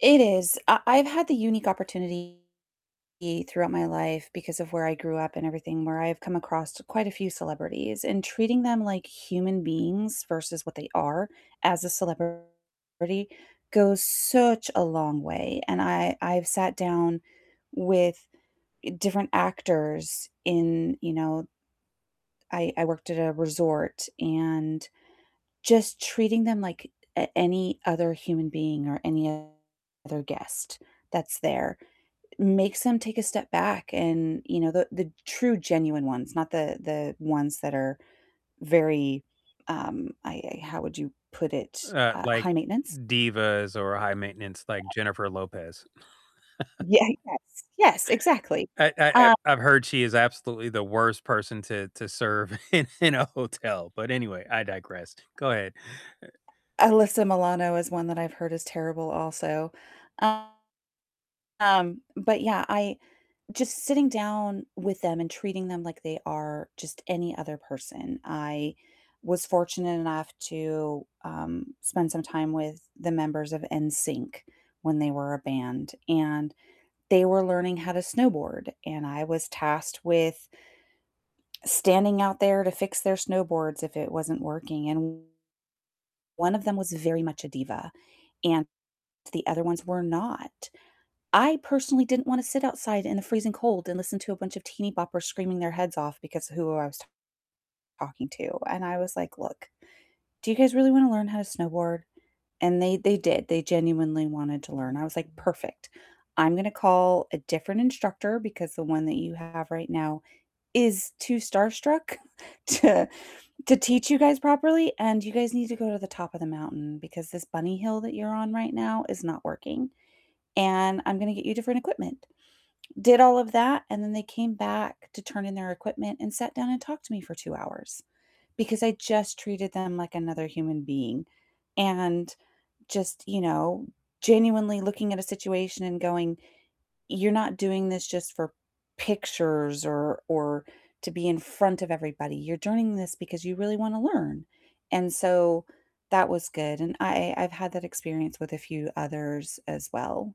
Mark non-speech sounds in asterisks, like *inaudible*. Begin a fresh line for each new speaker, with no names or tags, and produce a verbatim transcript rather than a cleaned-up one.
It is, I I've had the unique opportunity throughout my life, because of where I grew up and everything, where I've come across quite a few celebrities, and treating them like human beings, versus what they are as a celebrity goes such a long way, and I I've sat down with different actors in, you know I I worked at a resort, and just treating them like a any other human being or any other guest that's there makes them take a step back and, you know, the the true genuine ones, not the the ones that are very um, I I how would you put it?
Uh,
Uh,
like,
high-maintenance.
divas or high-maintenance like Jennifer Lopez. *laughs*
Yeah, yes, yes, exactly,
I I I've
uh
I've heard she is absolutely the worst person to to serve in in a hotel, but anyway, I digress, go ahead. Eh
Alyssa Milano is one that I've heard is terrible, also, um, but yeah I just sitting down with them and treating them like they are just any other person, I was fortunate enough to, um, spend some time with the members of NSYNC when they were a band, and they were learning how to snowboard, and I was tasked with standing out there to fix their snowboards if it wasn't working, and one of them was very much a diva, and the other ones were not. I personally didn't wanna sit outside in the freezing cold and listen to a bunch of teenyboppers screaming their heads off because of who I was talking to, and I was like, "Look, do you guys really wanna learn how to snowboard?" and they they did, they genuinely wanted to learn, I was like, "Perfect, I'm gonna call a different instructor because the one that you have right now is too starstruck *chuckles* to to teach you guys properly, and you guys need to go to the top of the mountain because this bunny hill that you're on right now is not working, and I'm gonna get you different equipment," did all of that, and then they came back to turn in their equipment and sat down and talked to me for two hours because I just treated them like another human being, and just, you know, genuinely looking at a situation and going, "You're not doing this just for pictures or or to be in front of everybody, you're doing this because you really wanna learn," and so that was good, and I I've had that experience with a few others as well.